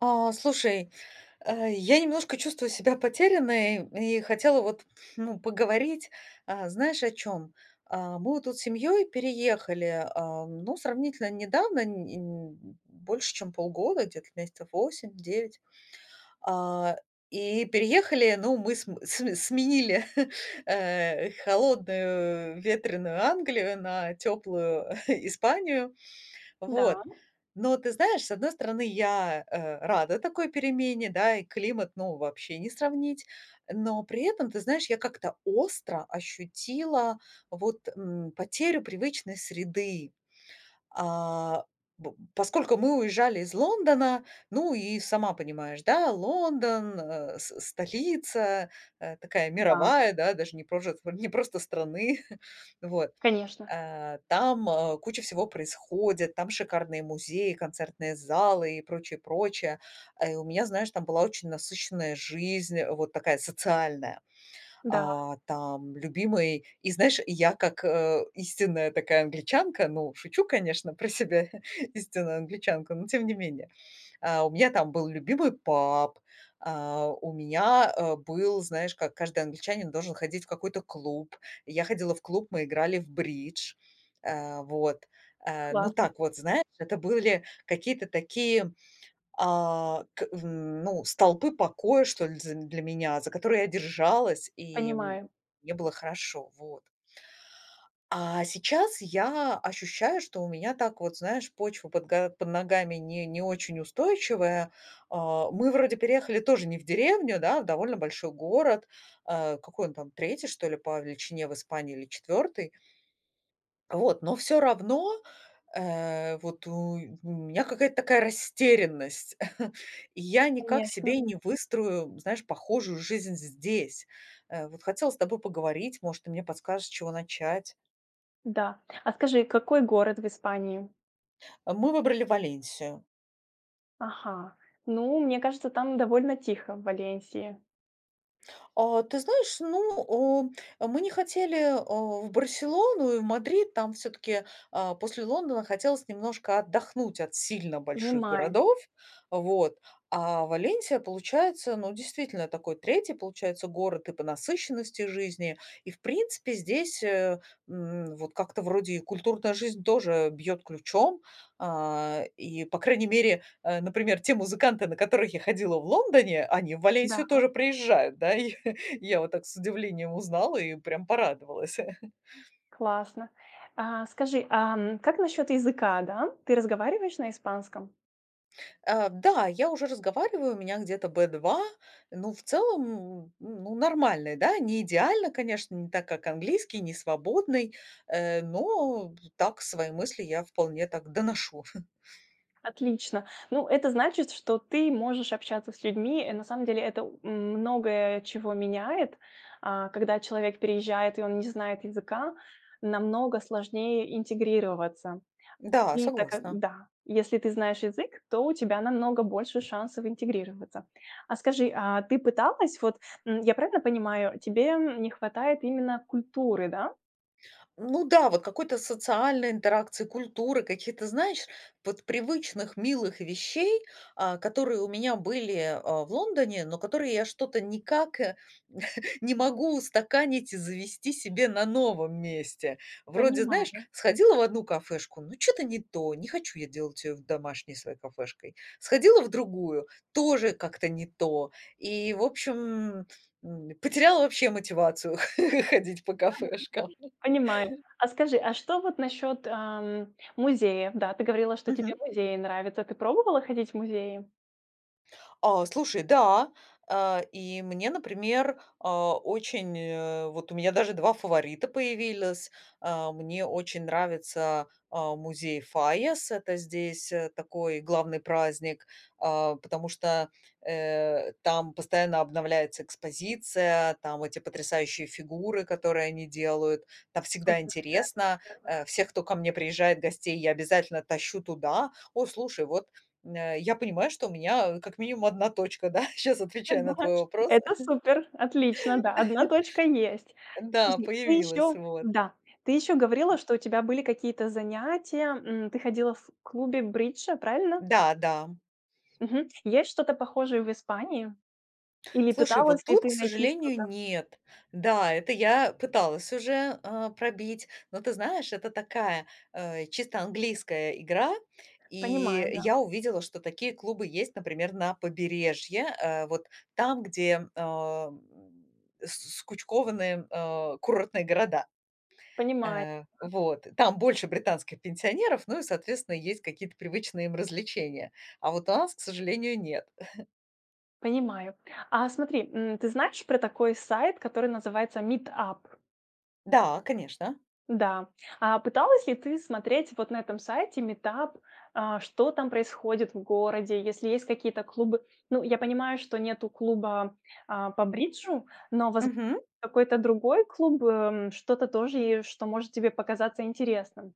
А, слушай, э, я немножко чувствую себя потерянной и хотела, вот, ну, поговорить. А, знаешь, о чём? А мы вот тут семьей переехали, а, ну, сравнительно недавно, не не больше чем полгода, где-то месяцев 8-9. А, и переехали, ну, мы см см сменили, э, холодную ветреную Англию на теплую Испанию. Вот, Да. но ты знаешь, с одной стороны, я, э, рада такой перемене, да, и климат, ну, вообще не сравнить. Но при этом, ты знаешь, я как-то остро ощутила, вот, м, потерю привычной среды. А, бу поскольку мы уезжали из Лондона, ну, и сама понимаешь, да, Лондон, э, с с столица, э, такая М-да. мировая, да, даже не прожец а не просто страны, вот. Конечно. Э, там куча всего происходит, там шикарные музеи, концертные залы и прочее, прочее. А, и у меня, знаешь, там была очень насыщенная жизнь, вот такая социальная. Да. А там любимый и, знаешь, я как истинная такая англичанка, ну, шучу, конечно, про себя истинную англичанку, но тем не менее. А, у меня там был любимый паб, а, у меня, э, был, знаешь, как каждый англичанин должен ходить в какой-то клуб. Я ходила в клуб, мы играли в бридж. Э, вот, э, ну, Классно. так вот, знаешь, это были какие-то такие, а, к ну, столпы покоя, что ли, з для меня, за которые я держалась, и, м, Понимаю. мне было хорошо. Вот. А сейчас я ощущаю, что у меня так вот, знаешь, почва под га под ногами не не очень устойчивая. А, мы вроде переехали тоже не в деревню, да, а довольно большой город. А какой он там? 3, что ли, по величине в Испании или 4? А вот, но всё равно, э, вот у меня какая-то такая растерянность. Я никак Конечно. себе не выстрою, знаешь, похожую жизнь здесь. Э, вот хотела с тобой поговорить, может, ты мне подскажешь, с чего начать. Да. А скажи, какой город в Испании? А мы выбрали Валенсию. Ага. Ну, мне кажется, там довольно тихо, в Валенсии. О, ты знаешь, ну, у мы не хотели а, в Барселону и в Мадрид, там всё-таки, а, после Лондона хотелось немножко отдохнуть от сильно больших Понимаю. городов, вот. А Валенсия, получается, ну, действительно, такой 3, получается, город и по насыщенности жизни. И, в принципе, здесь, э, м, вот, как-то вроде и культурная жизнь тоже бьёт ключом, а, и, по крайней мере, э, например, те музыканты, на которых я ходила в Лондоне, они в Да. Валенсию тоже приезжают, да? И я вот так с удивлением узнала и прям порадовалась. Классно. А скажи, ам, как насчёт языка, да? Ты разговариваешь на испанском? А, да, я уже разговариваю, у меня где-то B2, но в целом, м, ну, нормальный, да, не идеально, конечно, не так, как английский, не свободный, э, но так свои мысли я вполне так доношу. Отлично! Ну, это значит, что ты можешь общаться с людьми. Э, на самом деле это у м, многое чего меняет. А, когда человек переезжает, и он не знает языка, намного сложнее интегрироваться. Да, И так как согласна. да, если ты знаешь язык, то у тебя намного больше шансов интегрироваться. А скажи, а ты пыталась м, вот я правильно понимаю, тебе, м, не хватает именно культуры, да? Ну да, вот какой-то социальной интеракции, культуры, каких-то, знаешь, вот привычных милых вещей, а, которые у меня были, а, в Лондоне, но которые я что-то никак не могу устаканить и завести себе на новом месте. Вроде, знаешь, Понимаю. сходила в одну кафешку, ну, чё-то не то, не хочу я делать её домашней своей кафешкой. Сходила в другую- тоже как-то не то. И, в общем, м, потеряла вообще мотивацию ходить по кафешкам. Понимаю. А скажи, а что вот насчёт, ам, музеев? Да, ты говорила, тебе Мгм. музеи нравятся. Ты пробовала ходить в музеи? А, слушай, да. А, и мне, например, а, очень, э вот у меня даже 2 фаворита появились. А, мне очень нравится, а, музей Файас. Это здесь, э, такой главный праздник, а, потому что, э, там постоянно обновляется экспозиция, там эти потрясающие фигуры, которые они делают, там всегда Супер! интересно. Э, всех, кто ко мне приезжает гостей, я обязательно тащу туда. О, слушай, вот, м, э, я понимаю, что у меня, а, как минимум 1 точка, да? Сейчас Ты отвечая на твой думаешь? вопрос. Это супер, отлично, да, 1 точка есть. Да, Скажи, ты появилась, ещё вот. да. Ты ещё говорила, что у тебя были какие-то занятия, м. Ты ходила в клубе бриджа, правильно? Да да. Мгм, есть что-то похожее в Испании? Или Слушай, вот пыталась ли тут, к ты найти сожалению, что-то? нет. Да, это я пыталась уже, а, пробить, но ты знаешь, это такая, а, чисто английская игра. И, Понимаю, э, да. я увидела, что такие клубы есть, например, на побережье, э, вот там, где, ам, скучкованы, а, курортные города. Понимаю. Э, вот там больше британских пенсионеров, ну и, соответственно, есть какие-то привычные им развлечения, а вот у нас, к сожалению, нет. Понимаю. А смотри, м, ты знаешь про такой сайт, который называется Meetup? Да, конечно. Да. А пыталась ли ты смотреть вот на этом сайте Meetup, а, что там происходит в городе, если есть какие-то клубы? Ну, я понимаю, что нету клуба, а, по бриджу, но, воз Мгм. какой-то другой клуб, эм, что-то тоже, и что может тебе показаться интересным?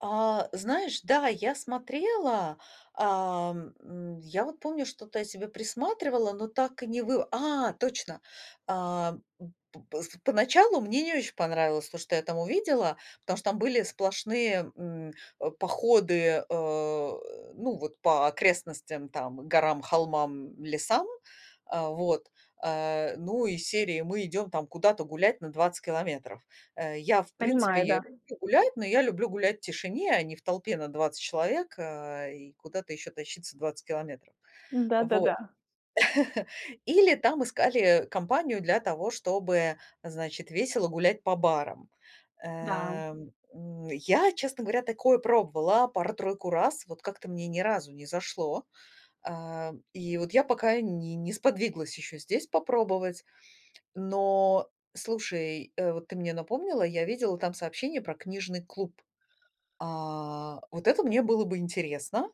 А, знаешь, да, я смотрела, ам, м, я вот помню, что-то я себе присматривала, но так и не вы А, точно. А, м, п пс поначалу мне не очень понравилось то, что я там увидела, потому что там были сплошные, м, э, походы, э, ну, вот, по окрестностям, там, горам, холмам, лесам, а, вот, а, ну, из серии: "Мы идём куда-то гулять на 20 километров". Э, я, в принципе, Понимаю, да. я люблю гулять, но я люблю гулять в тишине, а не в толпе на 20 человек, а, и куда-то ещё тащиться 20 километров. М-да, да, да. Вот. Или там искали компанию для того, чтобы, значит, весело гулять по барам. Да. Эм, м, я, честно говоря, такое пробовала пару-тройку раз, вот как-то мне ни разу не зашло. Ам, и вот я пока не не сподвиглась ещё здесь попробовать. Но слушай, э, вот ты мне напомнила, я видела там сообщение про книжный клуб. А, вот это мне было бы интересно.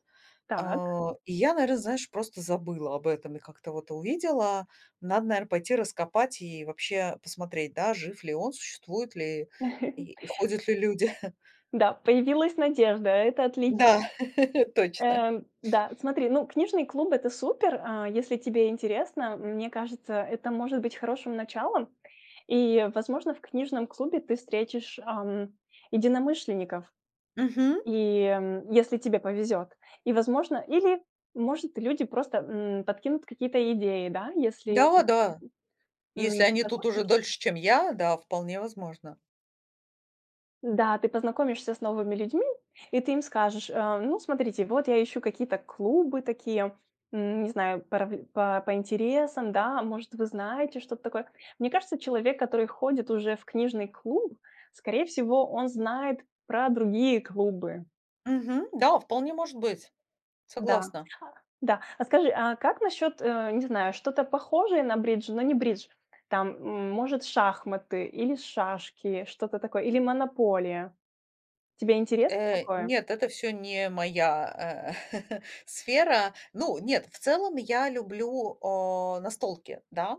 Так. А, и я, наверно, знаешь, просто забыла об этом и как-то вот увидела. Надо, наверно, пойти раскопать и вообще посмотреть, да, жив ли он, существует ли и ходят ли люди. Да, появилась надежда, это отлично. Да, точно. Эм, да, смотри, ну, книжный клуб- это супер, а, если тебе интересно, мне кажется, это может быть хорошим началом. И, возможно, в книжном клубе ты встретишь, ам, единомышленников, Мгм. и, м, если тебе повезет. И, возможно или, может, люди просто, м, подкинут какие-то идеи, да, если, м, Да, да, мгм, если м, они тут уже познакомишься дольше, чем я, да, вполне возможно. Да, ты познакомишься с новыми людьми, и ты им скажешь: "А, ну, смотрите, вот я ищу какие-то клубы такие, м, не знаю, порав по по интересам, да, может, вы знаете что-то такое". Мне кажется, человек, который ходит уже в книжный клуб, скорее всего, он знает про другие клубы. Мгм, да, вполне может быть. Да Согласна. да. А скажи, а как насчет, э, не знаю, что-то похожее на бридж, но не бридж? Там, м может, шахматы или шашки, что-то такое, или "Монополия". Тебе интересно Э, такое? нет, это всё не моя, э, сфера. Ну, нет, в целом я люблю, а, настолки, да.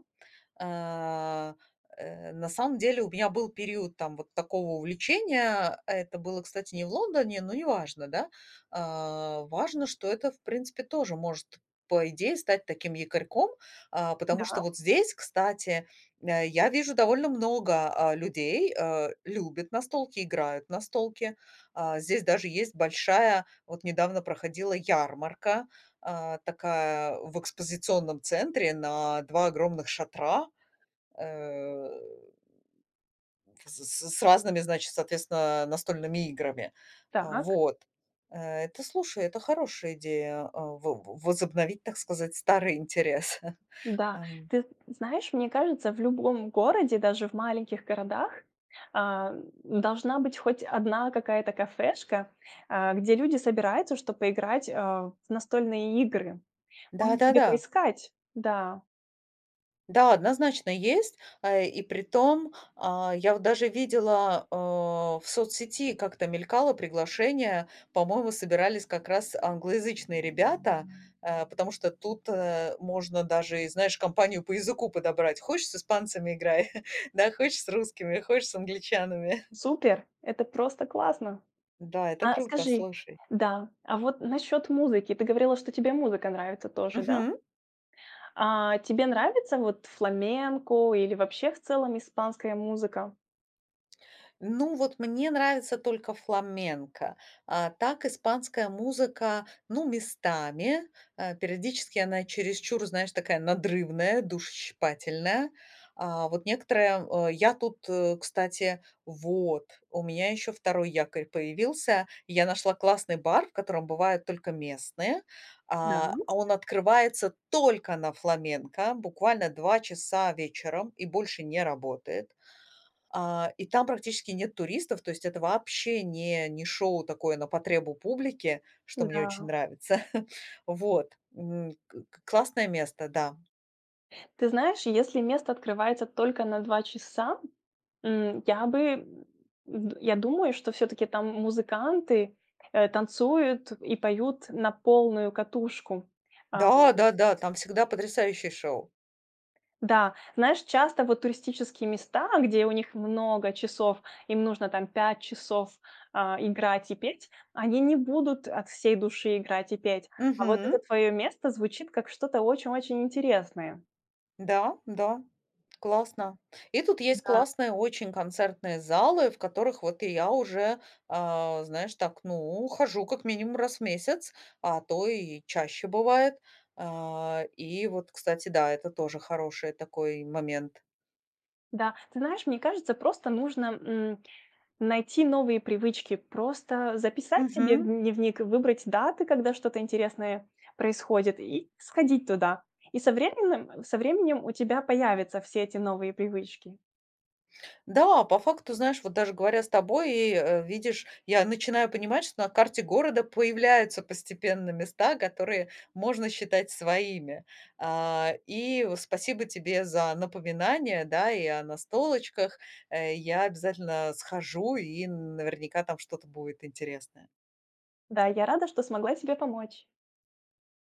Э, э, на самом деле у меня был период, там, вот такого увлечения. Это было, кстати, не в Лондоне, но неважно, да. А, важно, что это, в принципе, тоже может, по идее, стать таким якорьком, а, потому Да. что вот здесь, кстати, э, я вижу, довольно много, а, людей, э, любят настолки, играют в настолки. А, здесь даже есть большая, вот недавно проходила, ярмарка, а, такая в экспозиционном центре на 2 огромных шатра, эм, в с з с разными, значит, соответственно, э, настольными играми. А Так. вот, э, это, слушай, это хорошая идея, а, во во возобновить, так сказать, старый интерес. Да, Ам. ты з знаешь, мне кажется, в любом городе, даже в маленьких городах, а, м, должна быть хоть 1 какая-то кафешка, а, где люди собираются, чтоб поиграть, а, в настольные игры. Может, тебе Да-да-да. поискать? Да. Да, однозначно есть. А, э, и притом, а, я вот даже видела, э, в соцсети как-то мелькало приглашение, по-моему, собирались как раз англоязычные ребята, э, потому что тут, э, можно даже и, знаешь, компанию по языку подобрать. Хочешь с испанцами играй, да, хочешь с русскими, хочешь с англичанами. Супер! Это просто классно! Да, это А круто, скажи слушай. Да, а вот насчёт музыки. Ты говорила, тебе музыка нравится тоже, да? Мгм. А, тебе нравится вот фламенко или вообще в целом испанская музыка? Ну вот, мне нравится только фламенко. А так, испанская музыка, ну, местами. Э, периодически она чересчур, знаешь, такая надрывная, душещипательная. А, вот некоторые, э, я тут, э, кстати Вот, у меня еще 2 якорь появился. Я нашла классный бар, в котором бывают только местные. Да. А, он открывается только на фламенко буквально 2 часа вечером и больше не работает. А, и там практически нет туристов, то есть это вообще не не шоу такое на потребу публике, что мне очень Да. нравится. Вот. М, к к классное место, да. Ты знаешь, если место открывается только на 2 часа, м, я бы, э, я думаю, что всё-таки там м музыканты, э, танцуют и поют на полную катушку. А Да, да-да, там всегда потрясающие шоу. Да, знаешь, часто вот туристические места, где у них много часов, им нужно там 5 часов, а, играть и петь, они не будут от всей души играть и петь. А вот это Мгм. твоё место звучит как что-то очень-очень интересное. Да, да, классно. И тут есть Да. классные очень концертные залы, в которых вот и я уже, а, знаешь, так, ну, хожу как минимум, раз в месяц, а то и чаще бывает. Э, и вот, кстати, да, это тоже хороший такой момент. Да. Ты знаешь, мне кажется, просто нужно, м, найти новые привычки, просто записать себе в Мгм. дневник и выбрать даты, когда что-то интересное происходит, и сходить туда. И со временэм со временем у тебя появятся все эти новые привычки. Да, по факту, знаешь, вот даже говоря с тобой, и, э, видишь, я начинаю понимать, что на карте города появляются постепенно места, которые можно считать своими. А, и, э, спасибо тебе за напоминание, да, и о настолочках. Э, я обязательно схожу, и н наверняка там что-то будет интересное. Да, я рада, что смогла тебе помочь.